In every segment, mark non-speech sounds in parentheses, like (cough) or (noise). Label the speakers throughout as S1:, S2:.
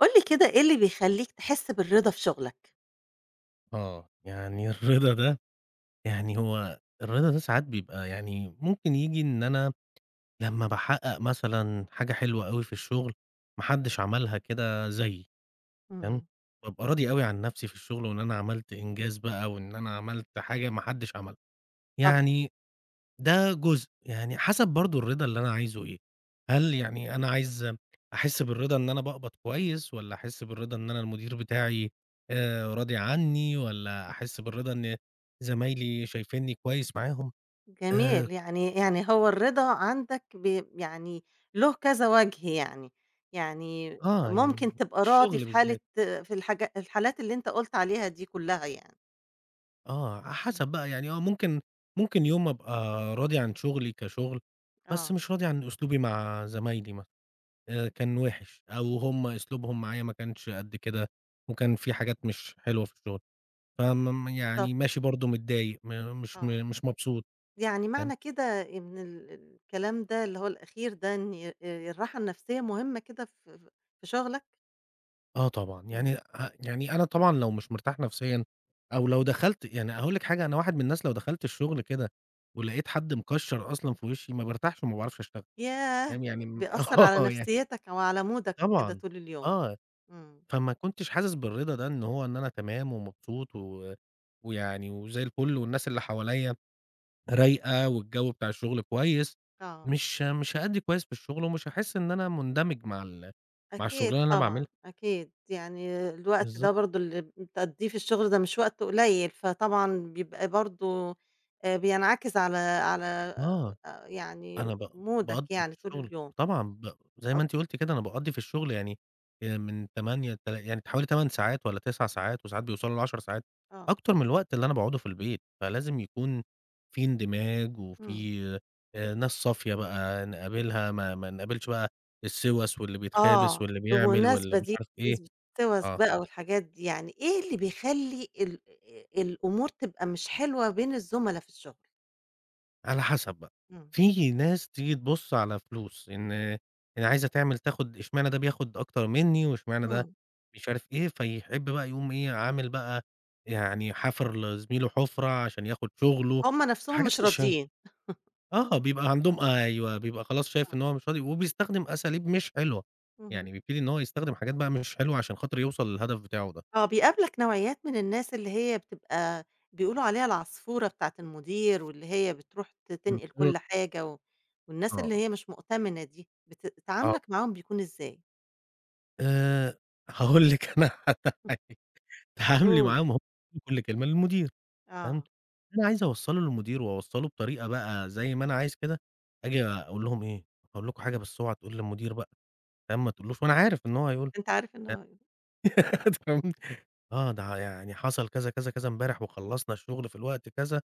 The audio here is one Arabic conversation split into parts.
S1: قُل لي كده إيه اللي بيخلّيك تحس بالرضا في شغلك؟
S2: آه. يعني الرضا ده يعني هو الرضا ده ساعات بيبقى يعني ممكن ييجي إن أنا لمّا باحقق مثلًا حاجة حلوة أوي في الشغل ما حدش عملها كده زيّي، تمام،
S1: إمم.
S2: بابقى راضي أوي عن نفْسي في الشغل وإن أنا عملت إنجاز بقى وإن أنا عملت حاجة ما حدش عملها.
S1: طبعًا.
S2: يعني ده جزء، يعني حسب برضو الرضا اللي أنا عايزه إيه، هل يعني أنا عايز أحس بالرضا إن أنا باقبض كويس والّا أحس بالرضا إن أنا المدير بتاعي آآ، راضي عني والّا أحس بالرضا إن زمايلي شايفينني كويس معاهم. آآ
S1: جميل. يعني يعني هو الرضا عندك بي يعني له كذا وجه يعني، يعني
S2: آه، يعني
S1: ممكن تبقى راضي
S2: الشغل
S1: في حالة
S2: بالذات.
S1: في الحاجا الحالات اللي أنت قُلت عليها دي كلها يعني.
S2: آه، على
S1: إمم.
S2: حسب بقى، يعني هو ممكن ممكن يوم أبقى راضي عن شغلي كشغل، بس
S1: آه.
S2: مش راضي عن أسلوبي مع زمايلي مث آآ كان وِحش، أو هُم أسلوبهم معايا ما كانش قد كده وكان فيه حاجات مش حلوة في الشغل. فمم يعني
S1: بالضبط.
S2: ماشي برضو متضايق، م مش م
S1: آه.
S2: مش مبسوط،
S1: يعني
S2: تمام.
S1: معنى كده إن ال الكلام ده اللي هو الأخير ده إن الراحة النفسية مهمة كده في ف في شغلك؟
S2: آه طبعًا.
S1: إمم.
S2: يعني أ يعني أنا طبعًا لو مش مرتاح نفسيًا، أو لو دخَلت يعني هاقول لِك حاجة أنا واحد من الناس لو دخَلت الشغل كده ولقيت حد مكشَّر أصلًا في وشي ما بارتاحش وما باعرفش أشتغل،
S1: ياه!
S2: فاهم يعني م
S1: بيأثر على
S2: آه، ي
S1: نفسيتك أو على مودك كده
S2: طبعًا،
S1: طول اليوم.
S2: آه،
S1: إمم.
S2: فما كنتش حاسس بالرضا ده إن هو إن أنا تمام ومبسوط و ويعني وزي الفل والناس اللي حواليَّ رايقة والجو بتاع الشغل كويس،
S1: آه.
S2: مش مش هأدّي كويس في الشغل ومش هاحس إن أنا مندمج مع ال مع
S1: أكيد
S2: الشغلانة اللي أنا
S1: طبعًا،
S2: باعملها.
S1: أكيد. يعني الوقت ده
S2: بالضبط.
S1: برضو اللي بتقضّيه في الشغل ده مش وقت قليل، فطبعًا بيبقى برضو آآ، بينعكس على على
S2: آه.
S1: آآ، يعني
S2: أنا ب
S1: مودك
S2: باقضّي في
S1: يعني طُول
S2: الشغل
S1: اليوم.
S2: طبعًا ب زي ما
S1: (unintelligible)
S2: أنتِ قلتِ كده أنا باقضي في الشغل يعني آآ، من 08:00 لتل يعني حوالي 8 ساعات والّا 9 ساعات وساعات بيوصَلوا ل10 ساعات،
S1: آه.
S2: أكتر من الوقت اللي أنا باقعدُه في البيت، فلازم يكون فيه اندماج
S1: إمم.
S2: وفيه آآ، ناس صافية بقى نقابلها ما ما نقابلش بقى السوَس واللي بيتخابث
S1: آه.
S2: واللي بيعمل واللي
S1: بالمناسبة
S2: مش
S1: دي،
S2: عارف إيه،
S1: بمناسبة سوَس
S2: آه.
S1: بقى والحاجات دي، يعني إيه اللي بيخلّي ال آآ الأمور تبقى مش حلوة بين الزملا في الشغل؟
S2: على حسب بقى،
S1: إمم.
S2: في ناس تيجي تبُص على فلوس إن يعني عايزة تعمل تاخُد اشمعنى ده بياخُد أكتر منّي واشمعنى ده
S1: إمم.
S2: مش عارف إيه، فيحب بقى يقوم إيه، عامل بقى يعني حافر لزميله حُفرة عشان ياخُد شغله.
S1: هم نَفْسهم
S2: حاجات
S1: مش
S2: مش ه
S1: راضيين.
S2: آه،
S1: (chuckles)
S2: بيبقى عندهم
S1: آه.
S2: أيوه، بيبقى خلاص شايف
S1: آه.
S2: إن هو مش راضي وبيستخدم أساليب مش حلوة، يعني
S1: اهم.
S2: بيبتدي إن هو يستخدم حاجات بقى مش حلوة عشان خاطر يوصل للهدف بتاعه ده.
S1: آه، بيقابلك نوعيّات من الناس اللي هي بتبقى بيقولوا عليها العصفورة بتاعة المدير، واللي هي بتروح ت تنقِل
S2: بالضـبط.
S1: كل حاجة و والناس اللي
S2: آه.
S1: هي مش مؤتَمِنة دي، بت
S2: آه.
S1: تعامُلك معاهم بيكون إزاي؟
S2: آآ هاقول لِك أنا على حاجة. اتعاملي
S1: (unintelligible)
S2: معاهم (unintelligible) كل كلمه للمدير فاهم،
S1: آه.
S2: اللي أنا عايز أوصّله للمدير وأوصّله بطريقة بقى زي ما أنا عايز كده، آجي أقول لهم إيه: "هاقول لكم حاجة بس أوعا تقول للمدير بقى." فاهم، ما تقولش له وأنا عارف إن هو هيقول
S1: أنت عارف
S2: له.
S1: إنه أي
S2: (unintelligible) (laughs) أنت فاهم، آه، ده يعني حصل كذا، كذا، كذا، امبارح وخلّصنا الشُغل في الوقت كذا.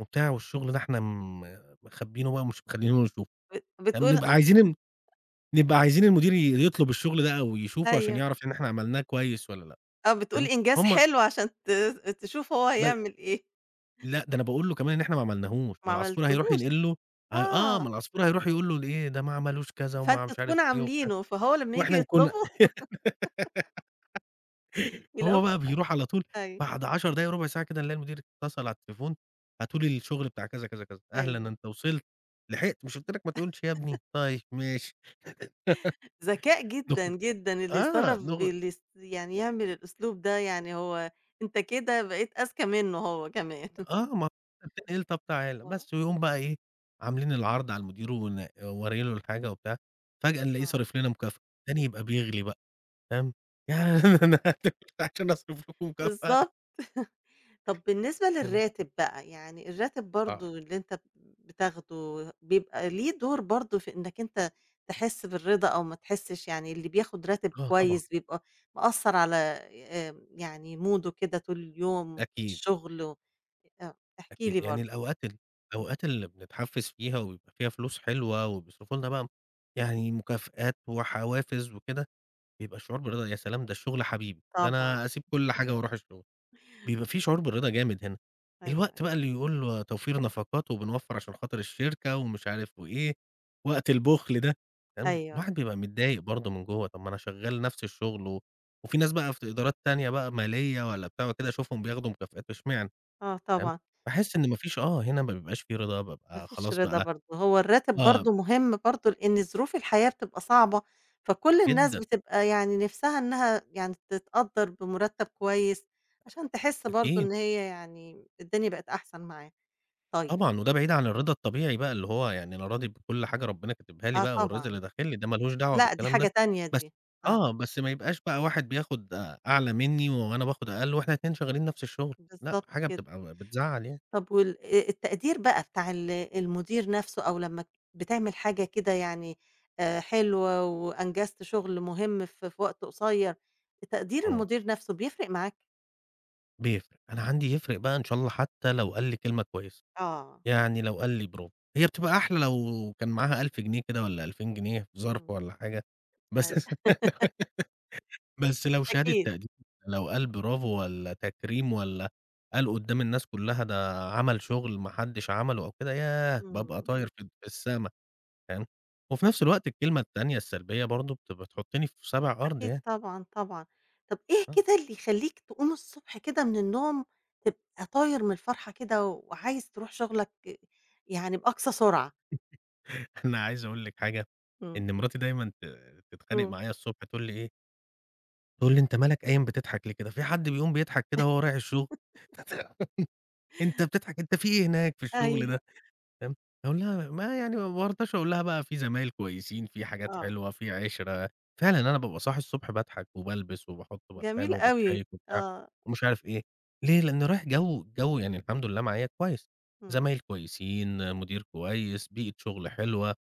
S2: وبتاع والشُغل ده إحنا م مخبّينه بقى ومش مخلّيينُه يشوفه.
S1: بت بتقول
S2: فبنبقى عايزين
S1: (chuckles)
S2: نبقى عايزين المدير ي يطلب الشُغل ده أو يشوفه عشان
S1: أيوه.
S2: يعرف إن إحنا عملناه كويس والّا لأ،
S1: آه، بتقول
S2: فاهم،
S1: إنجاز
S2: فهم
S1: حلو عشان تز آآ تشوف هو
S2: بال
S1: هيعمل إيه.
S2: لأ، ده أنا باقول له كمان إن إحنا ما عملناهوش، ما
S1: ما
S2: العصفور هيروح
S1: عملتهوش!
S2: ينقل له ه آه،
S1: آه.
S2: ما العصفور هيروح يقول له ليه ده ما عملوش كذا وما
S1: فأنت
S2: مش عارف
S1: تكون
S2: إيه وبتاع
S1: عاملينه فهو لمّا ييجي
S2: وإحنا نكون
S1: يطلبه (laughs)
S2: (laughs) فهو
S1: يلاقوك
S2: بقى بيروح على طول،
S1: أيوه.
S2: بعد 10 دقايق، رُبع ساعة كده نلاقي المدير اتصل على التليفون "هاتوا لي الشغل بتاع،" كذا، كذا، كذا. "أهلًا
S1: أيوه.
S2: أنت وصلت، لحقت مش قُلت لك ما تقولش يا ابني،
S1: (chuckles)
S2: طيب ماشي."
S1: ذكاء
S2: (laughs)
S1: جدًا،
S2: (unintelligible)
S1: جدًا اللي
S2: آه،
S1: يصرّف
S2: نوغ
S1: اللي يس يعني يعمل الأسلوب ده يعني هو أنت كده بقيت أذكى منُّه هو كمان. (chuckles)
S2: آه، ما ت (unintelligible) "طَب تعالَ"
S1: آه.
S2: بس ويقوم بقى إيه، عاملين العرض على المدير ون وأوري له الحاجة وبتاع، فجأة نلاقيه
S1: آه.
S2: صارف لنا مُكافأة، التاني يبقى بيغلي بقى، فاهم.
S1: آه.
S2: (laughs) أنا (unintelligible) عشان أصرف لكم مُكافأة.
S1: بالضبط. (chuckles) طَب بالنسبة
S2: فاهم؟
S1: للراتب بقى يعني الراتب
S2: آه.
S1: برضه اللي أنت ب بتاخده بيبقى ليه دور برضه في إنّك أنت تحس بالرضا أو ما تحسش، يعني اللي بياخُد راتب
S2: آه، طبعًا.
S1: كويس بيبقى مأثّر على آآ آمم يعني موده كده طول اليوم، في
S2: أكيد.
S1: الشُغل و آآ أ احكِ لي
S2: أكيد. يعني
S1: برضه.
S2: الأوقات ال
S1: إمم.
S2: الأوقات اللي بنتحفّز فيها ويبقى فيها فلوس حلوة وبيصرفوا لنا بقى م يعني مكافآت وحوافز وكده، بيبقى الشعور بالرضا يا سلام! ده الشُغل حبيبي ده
S1: طبعًا.
S2: أنا أسيب كل حاجة وأروح الشُغل، بيبقى فيه شعور بالرضا جامد هنا.
S1: أيوه،
S2: الوقت بقى
S1: أك
S2: اللي يقول له توفير نفقات وبنوفر عشان خاطر الشركة ومش عارف وإيه، وقت البُخل ده، فاهم،
S1: أيوه.
S2: الواحد بيبقى متضايق برضه من جوّه، طَب ما أنا شغّال نَفْس الشُغل و وفي ناس بقى في ت إدارات تانية بقى مالية والّا بتاع وكده أشوفهم بياخدوا مكافآت اشمعنى؟
S1: آه،
S2: فاهم،
S1: طبعًا.
S2: باحس إن ما فيش آه، هنا ما بيبقاش في رضا،
S1: ما
S2: بابقى
S1: فيش
S2: خلاص
S1: رضا
S2: بقى
S1: برضه هو الراتب
S2: (unintelligible)
S1: برضه مهم برضه، لإن ظروف الحياة بتبقى صعبة، فكل الناس
S2: جدًا.
S1: بتبقى يعني نِفْسها إنّها يعني تتقدّر بمرتّب كويس، عشان تحس برضه
S2: أكيد.
S1: إن هي يعني م الدنيا بقت أحسن معاها. طيب
S2: طبعًا، وده بعيد عن الرضا الطبيعي بقى اللي هو يعني أنا راضي بكل حاجة ربنا كاتبها لي
S1: آه،
S2: بقى والرزق اللي
S1: طبعًا.
S2: داخل لي ده ما لهوش دعوة
S1: لأ، دي
S2: بالكلام
S1: حاجة
S2: ده،
S1: تانية
S2: بس
S1: دي.
S2: آه،
S1: آه.
S2: بس ما يبقاش بقى واحد بياخُد آآ أعلى منّي و وأنا باخُد أقل وإحنا ال2 شغّالين نَفْس الشُغل لأ،
S1: بالضبط
S2: حاجة
S1: كده.
S2: بتبقى ب بتزّعل يعني.
S1: طب وال آآ التقدير بقى بتاع ال المدير نَفْسه أو لمّا ت بتعمل حاجة كده يعني آآ حلوة وأنجزت شُغل مهم ف في وقت قصير، تقدير
S2: إمم.
S1: المدير نَفْسه بيفرق معاك؟
S2: بيفرِق، أنا
S1: إمم.
S2: عندي يفرِق بقى إن شاء الله حتّى لو قال لي كلمة كويسة،
S1: آه.
S2: يعني لو قال لي برافو. هي بتبقى أحلى لو كان معاها 1000 جنيه كده والّا 2000 جنيه في ظَرف
S1: إمم.
S2: والّا حاجة، بس
S1: أيوه. (laughs)
S2: (laughs) بس لو شهادة
S1: أكيد.
S2: تقدير، لو قال برافو والّا تكريم والّا قال قدّام الناس كلها ده عمل شغل ما حدش عمله أو كده، ياه باب
S1: إمم.
S2: طاير فد في السما، تمام. وفي نفْس الوقت الكلمة التانية السلبية برضو بت بتحطني في سابع أرض
S1: أكيد
S2: يعني.
S1: طبعًا، طبعًا. طَب إيه
S2: آه.
S1: كده اللي يخلّيك تقوم الصبح كده من النوم تبقي طاير من الفرحة كده وعايز ترُوح شغلك يعني بأقصى سرعة؟
S2: (chuckles) أنا عايز أقول لِك حاجة،
S1: إمم.
S2: إن مراتي دايمًا ت تتخانق
S1: إمم.
S2: معايا الصبح تقول لي إيه تقول لي: "أنت مالك قايم بتضحك ليه كده، فيه حد بيقوم بيضحك كده وهو رايح الشغل؟
S1: (laughs)
S2: (chuckles) أنت بتضحك، أنت فيه إيه هناك في الشغل
S1: أيوه.
S2: ده؟"، تمام، أقول لها ما يعني ما بارضاش أقول لها بقى فيه زمايل كويسين، فيه حاجات
S1: آه.
S2: حلوة، في عِشرة. فعلًا أنا بابقى صاحي الصبح باضحك وبالبس وباحط بارفان
S1: جميل أوي.
S2: وباتشيِّك وبتاع
S1: آه.
S2: ومش عارف إيه، ليه؟ لأني رايح جو جو يعني الحمد لله معايا كويس،
S1: إمم.
S2: زمايل كويسين، مدير كويس، بيئة شغل حلوة،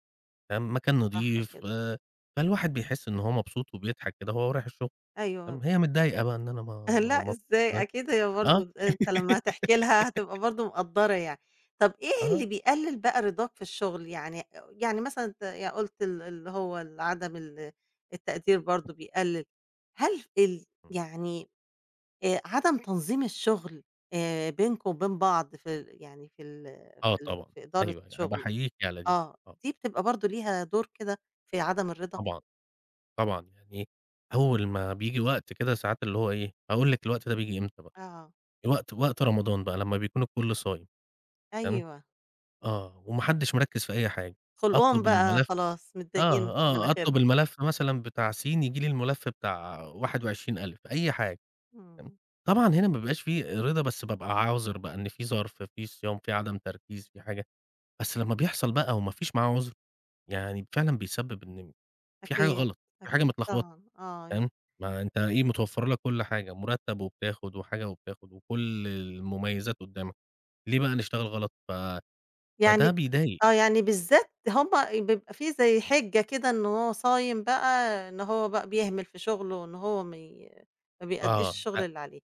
S2: تمام، مكان
S1: صح
S2: نظيف،
S1: كده.
S2: آآ، فالواحد بيحس إن هو مبسوط وبيضحك كده وهو رايح الشغل،
S1: أيوه.
S2: تمام. هي متضايقة بقى إن أنا ما
S1: (chuckles)
S2: ما
S1: لأ،
S2: ما
S1: إزاي!
S2: (unintelligible)
S1: أكيد هي برضو
S2: آه.
S1: أنت لمّا هتحكي لها هتبقى
S2: (laughs)
S1: برضو مقدّرة يعني. طَب إيه اللي
S2: آه.
S1: بيقلل بقى رضاك في الشغل؟ يعني يعني مثلًا أنت قُلت ال اللي هو ال عدم ال التقدير برضو بيقلل، هل في ال
S2: إمم.
S1: يعني آآ، عدم تنظيم الشغل آآ، بينكم وبين بعض في ال يعني في ال
S2: آه
S1: في ال
S2: طبعًا.
S1: في إدارة
S2: أيوه، أنا
S1: شغل،
S2: باحييكِ على دي.
S1: آه،
S2: آه.
S1: دي بتبقى برضو ليها دور كده في عدم الرضا؟
S2: طبعًا، طبعًا، يعني أول ما بييجي وقت كده ساعات اللي هو إيه، هاقول لِك الوقت ده بييجي إمتى بقى.
S1: آه.
S2: وقت وقت رمضان بقى لمّا بيكون الكل صايم، تمام،
S1: أيوه.
S2: آه، وما حدش مِركِّز في أي حاجة،
S1: خُلقُهم
S2: أطلب
S1: بقى
S2: الملف
S1: خلاص متضايقين
S2: آه،
S1: في
S2: آه، أطلب
S1: مناخيرهم.
S2: الملف مثلًا بتاع سين ييجي لي الملف بتاع 21 ألِف، أي حاجة، تمام.
S1: إمم.
S2: طبعًا هنا ما بيبقاش فيه رضا بس بابقى عاذر بقى إن في ظَرف، في صيام، في عدم تركيز، في حاجة، بس لمّا بيحصل بقى وما فيش معاه عذر، يعني فعلًا بيسبب إن في حاجة
S1: أكيد،
S2: غلط، في حاجة
S1: أكيد
S2: متلخبطة،
S1: طبعًا، آه يعني.
S2: تمام ما أنت إيه متوفَّر لك كل حاجة، مُرتب وبتاخد وحاجة وبتاخد وكل المميزات قدامك، ليه بقى نشتغل غلط؟ ف
S1: يعني
S2: فده بيضايق.
S1: آه، يعني بالذات هُم بيبقى فيه زي حِجة كده إن هو صايم بقى إن هو بقى بيهمل في شغله إن هو مي ما بيأديش
S2: آه،
S1: الشغل
S2: أ
S1: اللي عليه.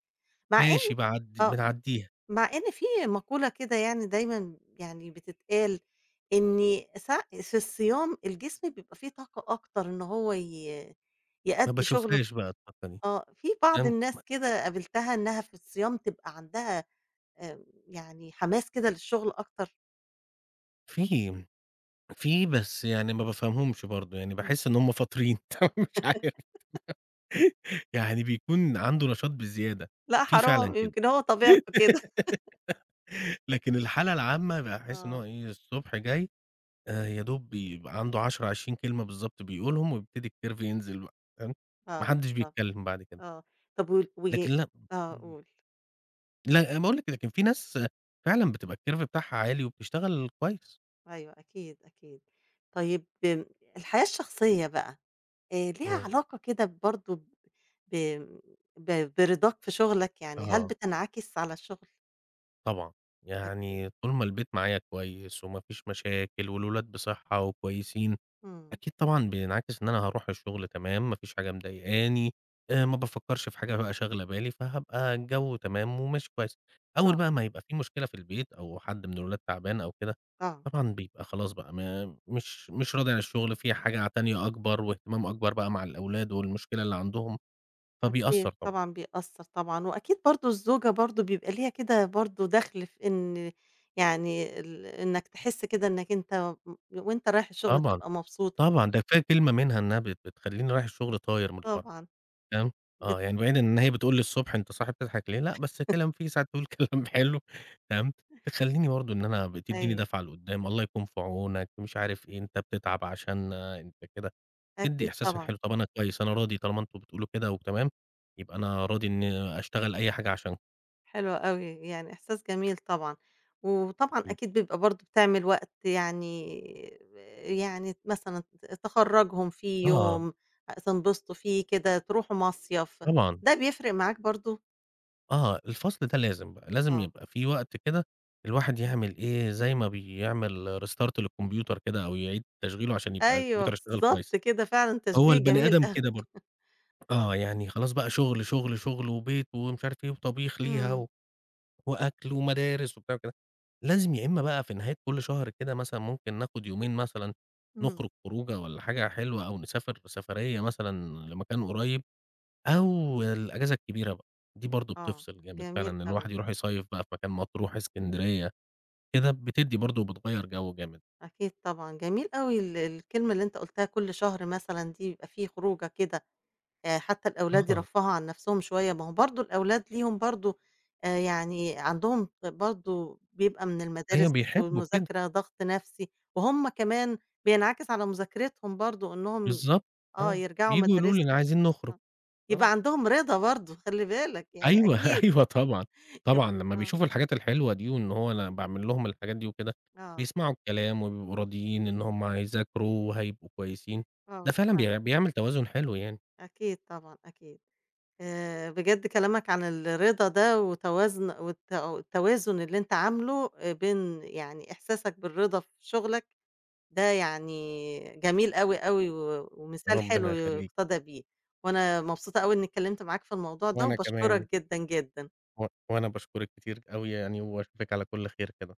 S1: مع إن
S2: ماشي باعدّي
S1: آه،
S2: بنعدّيها.
S1: مع إن فيه مقولة كده يعني دايمًا يعني بتتقال إني س في الصيام الجسم بيبقى فيه طاقة أكتر إن هو ي
S2: ما
S1: يأدّي شغله
S2: باشوفهاش بقى الطاقة دي.
S1: آه، في بعض الناس
S2: (unintelligible)
S1: كده قابلتها إنها في الصيام تبقى عندها آمم، يعني حماس كده للشغل أكتر؟
S2: فيه، فيه بس يعني ما بافهمهمش برضو، يعني
S1: امم.
S2: باحس إن هم فاطرين (unintelligible) مش عارف.
S1: (laughs)
S2: يعني بيكون عنده نشاط بزيادة،
S1: لأ
S2: في فعلًا
S1: حرام،
S2: كده.
S1: يمكن هو طبيعته كده.
S2: (laughs)
S1: (chuckles)
S2: لكن الحالة العامة باحس إن هو
S1: آه.
S2: إيه؟ الصبح جاي، آآ، يا دوب بيبقى عنده 10، 20 كلمة بالضبط بيقولهم ويبتدي الCurve ينزل بقى تمام؟ ما
S1: آه،
S2: حدش
S1: صح،
S2: بيتكلم بعد كده.
S1: آه. طب وال و
S2: لكن لأ
S1: آه،
S2: امم.
S1: قُل.
S2: لأ، باقول لكِ ده كان في ناس فعلًا بتبقى الCurve بتاعها عالي وبتشتغل كويس.
S1: أيوه أكيد، أكيد. طيب امم الحياة الشخصية بقى، آآ، ليها
S2: امم.
S1: علاقة كده برضو ب ب برضاك في شغلك، يعني هل
S2: آه.
S1: بتنعكس على الشغل؟
S2: طبعًا،
S1: أكيد.
S2: يعني طول ما البيت معايا كويس وما فيش مشاكل والولاد بصحة وكويسين
S1: امم.
S2: أكيد طبعًا بينعكس إن أنا هاروح الشغل تمام، ما فيش حاجة مضايقاني، آآ ما بافكرش في حاجة بقى شاغلة بالي، فهابقى الجو تمام وماشي كويس. أول
S1: آه.
S2: بقى ما يبقى فيه مشكلة في البيت أو حد من الولاد تعبان أو كده،
S1: آه.
S2: طبعًا بيبقى خلاص بقى ما مش مش راضي عن الشغل، في حاجة تانية أكبر واهتمام أكبر بقى مع الأولاد والمشكلة اللي عندهم،
S1: أكيد
S2: فبيأثر طبعًا.
S1: طبعًا بيأثر طبعًا، وأكيد برضو الزوجة برضو بيبقى ليها كده برضو دخل في إن يعني ال إنك تحس كده إنك أنت م وأنت رايح الشغل
S2: طبعًا،
S1: تبقى مبسوط.
S2: طبعًا، ده كفاية كلمة منها إنها بت بتخلّيني رايح الشغل طاير من الفرحة.
S1: طبعًا.
S2: فاهم؟
S1: بت
S2: آه، يعني بعيد إن هي بتقول لي الصبح: "أنت صاحي بتضحك ليه؟" لأ بس
S1: (chuckles)
S2: كلام فيه ساعات تقول كلام حلو تمام؟ تخلّيني برضو إن أنا بتيديني
S1: أيوه.
S2: دافعة لقدّام: "الله يكون في عونك،" ومش عارف إيه، "أنت بتتعب عشانا، أنت كده" تدي
S1: أكيد
S2: إحساس ليّا
S1: طبعًا.
S2: حلو "طب أنا كويس، أنا راضي طالما أنتم بتقولوا كده وتمام، يبقى أنا راضي إني أشتغل أي حاجة عشان"
S1: حلو أوي، يعني إحساس جميل طبعًا. وطبعًا
S2: أكيد.
S1: أكيد بيبقى برضه بتعمل وقت يعني ب يعني ت مثلًا ت تخرّجهم في
S2: آه.
S1: يوم آآ، تنبسطوا فيه كده، تروحوا مصيف،
S2: طبعًا.
S1: ده بيفرق معاك برضه؟
S2: آه، الفصل ده لازم بقى، لازم
S1: آه.
S2: يبقى في وقت كده الواحد يعمل إيه، زي ما بيعمل restart للكمبيوتر كده، أو يعيد تشغيله عشان يبقى
S1: أيوه،
S2: الكمبيوتر يشتغل
S1: بالضبط
S2: كويس.
S1: كده فعلًا،
S2: هو
S1: تشبيه
S2: البني
S1: جميل
S2: آدم
S1: (chuckles)
S2: كده برضه. آه،
S1: آه.
S2: يعني خلاص بقى شغل، شغل، شغل، وبيت، ومش عارف إيه، وطبيخ ليها،
S1: امم.
S2: و وأكل، ومدارس، وبتاع وكده. لازم يا إمّا بقى في نهاية كلّ شهر كده مثلًا ممكن ناخد يومين مثلًا،
S1: امم.
S2: نخرج خروجة والّا حاجة حلوة، أو نسافر سفريّة مثلًا لمكان قريب، أو الإجازة الكبيرة بقى، دي برضه
S1: آه،
S2: بتفصل جامد فعلًا
S1: جميل
S2: إن
S1: أوي.
S2: الواحد يروح يصيّف بقى في مكان، مطروح، إسكندرية، كده بتدي برضه وبتغيّر جو جامد.
S1: أكيد طبعًا. جميل أوي ال الكلمة اللي أنت قُلتها كلّ شهر مثلًا دي يبقى في خروجة كده، آآ، حتى الأولاد
S2: آه.
S1: يرفّهوا عن نَفْسهم شوية، ما هو برضه الأولاد ليهم برضه آآ، يعني عندهم برضه بيبقى من المدارس
S2: أيوه، بيحبوا كده.
S1: والمذاكرة ضغط نفسي، وهُم كمان بينعكس على مذاكرتهم برضه إن هُم
S2: بالضبط،
S1: آه،
S2: آه،
S1: يرجعوا
S2: بييجوا يقولوا لي "ن
S1: مدارسهم
S2: عايزين نخرج"،
S1: آه.
S2: آه.
S1: يبقى عندهم رضا برضه، خلّي بالك يعني
S2: أيوه،
S1: أكيد.
S2: أيوه طبعًا.
S1: (chuckles) يب
S2: طبعًا، لمّا
S1: آه.
S2: بيشوفوا الحاجات الحلوة دي، وإن هو أنا باعمل لهم الحاجات دي وكده،
S1: آه.
S2: بيسمعوا الكلام، وبيبقوا راضيين إن هُم هيذاكروا، وهيبقوا كويسين.
S1: آه،
S2: ده فعلًا
S1: فعلًا.
S2: بيع بيعمل توازن حلو يعني.
S1: أكيد طبعًا، أكيد. آآ، بجد كلامك عن الرضا ده وتوازن والت والتوازن اللي أنت عامله آآ، بين يعني إحساسك بالرضا في شغلك، ده يعني جميل أوي، أوي، و ومثال
S2: ربنا
S1: حلو
S2: يخلّيكِ.
S1: يُقتَدَى بيه. وأنا مبسوطة أوي إنّي اتكلّمت معاك في الموضوع ده،
S2: وأنا كمان.
S1: وباشكرك جدًا، جدًا.
S2: و وأنا باشكرِك كتير أوي يعني، وأشوفِك على كلّ خير كده.